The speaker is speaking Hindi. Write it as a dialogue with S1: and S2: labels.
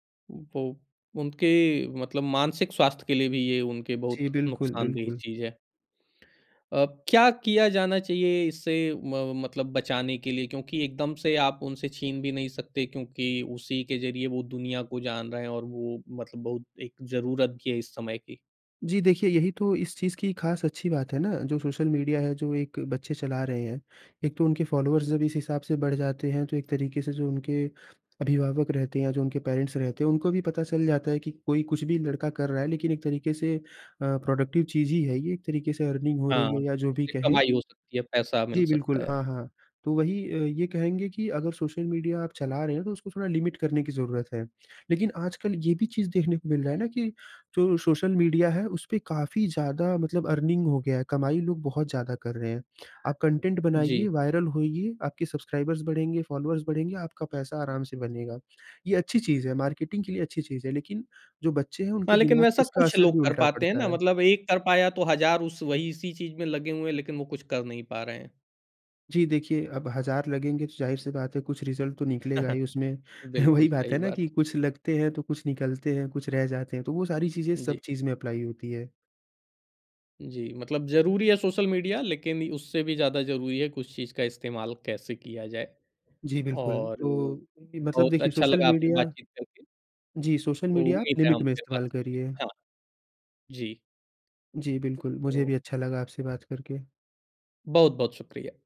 S1: वो उनके मतलब मानसिक स्वास्थ्य के लिए भी ये उनके बहुत
S2: जी, बिल्कुल,
S1: नुकसानदेह
S2: बिल्कुल।
S1: चीज़ है। अ, क्या किया जाना चाहिए इससे म मतलब बचाने के लिए? क्योंकि एकदम से आप उनसे छीन भी नहीं सकते क्योंकि उसी के ज़रिए वो दुनिया को जान रहे हैं और वो मतलब बहुत एक ज़रूरत भी है इस समय की।
S2: जी देखिए, यही तो इस चीज़ की खास अच्छी बात है ना, जो सोशल मीडिया है, जो एक बच्चे चला रहे हैं। एक तो उनके फॉलोअर्स जब इस हिसाब से बढ़ जाते हैं, तो एक तरीके से जो उनके अभिभावक रहते हैं, जो उनके पेरेंट्स रहते हैं, उनको भी पता चल जाता है कि कोई कुछ भी लड़का कर रहा है, लेकिन एक तरीके से अ, प्रोडक्टिव चीज़ ही है ये। एक तरीके से अर्निंग हो
S1: हाँ,
S2: रही है या जो भी
S1: उससे
S2: कहें।
S1: कमाई हो सकती है, पैसा मिल
S2: जी,
S1: सकता
S2: बिल्कुल।
S1: है।
S2: हाँ, हाँ। तो वही अ, ये कहेंगे कि अगर सोशल मीडिया आप चला रहे हैं, तो उसको थोड़ा लिमिट करने की ज़रूरत है। लेकिन आजकल ये भी चीज़ देखने को मिल रहा है ना कि जो सोशल मीडिया है, उसपे काफी ज़्यादा मतलब अर्निंग हो गया है, कमाई लोग बहुत ज़्यादा कर रहे हैं। आप कंटेंट
S1: जी।
S2: बनाइए, वायरल होईये, आपके सब्सक्राइबर्स बढ़ेंगे, फॉलोअर्स बढ़ेंगे, आपका पैसा आराम से बनेगा। ये अच्छी चीज़ है, मार्केटिंग के लिए अच्छी चीज़ है। लेकिन जो बच्चे हैं,
S1: हाँ,
S2: उनके
S1: लेकिन
S2: दिमाग में
S1: वैसा
S2: इसका
S1: कुछ
S2: असर
S1: लोग
S2: भी
S1: कर
S2: उल्टा
S1: पाते हैं ना,
S2: पड़ता है।
S1: मतलब एक कर पाया तो हज़ार उस वही इसी चीज़ में लगे हुए हैं, लेकिन वो कुछ कर नहीं पा रहे हैं।
S2: जी देखिए, अब हज़ार लगेंगे, तो ज़ाहिर सी बात है, कुछ रिज़ल्ट तो निकलेगा ही उसमें।
S1: बिल्कुल
S2: वही बात
S1: सही
S2: है ना कि
S1: बात।
S2: कुछ लगते हैं, तो कुछ निकलते हैं, कुछ रह जाते हैं। तो वो सारी चीज़ें सब
S1: जी।
S2: चीज़ में अप्लाई होती है।
S1: जी, मतलब ज़रूरी है सोशल मीडिया, लेकिन इ उससे भी ज़्यादा ज़रूरी है कुछ चीज़ का इस्तेमाल कैसे किया जाए।
S2: जी, बिल्कुल।
S1: और,
S2: तो
S1: बहुत
S2: मतलब देखिए
S1: अच्छा
S2: सोशल
S1: लगा आपसे
S2: मीडिया
S1: बातचीत करके।
S2: जी, सोशल मीडिया आप
S1: उम्मीद है
S2: लिमिट
S1: हम
S2: में
S1: फिर बात
S2: इस्तेमाल
S1: करेंगे।
S2: करिए।
S1: हाँ। जी।
S2: जी, बिल्कुल। मुझे
S1: ओ।
S2: भी अच्छा लगा आपसे बात करके।
S1: बहुत-बहुत शुक्रिया।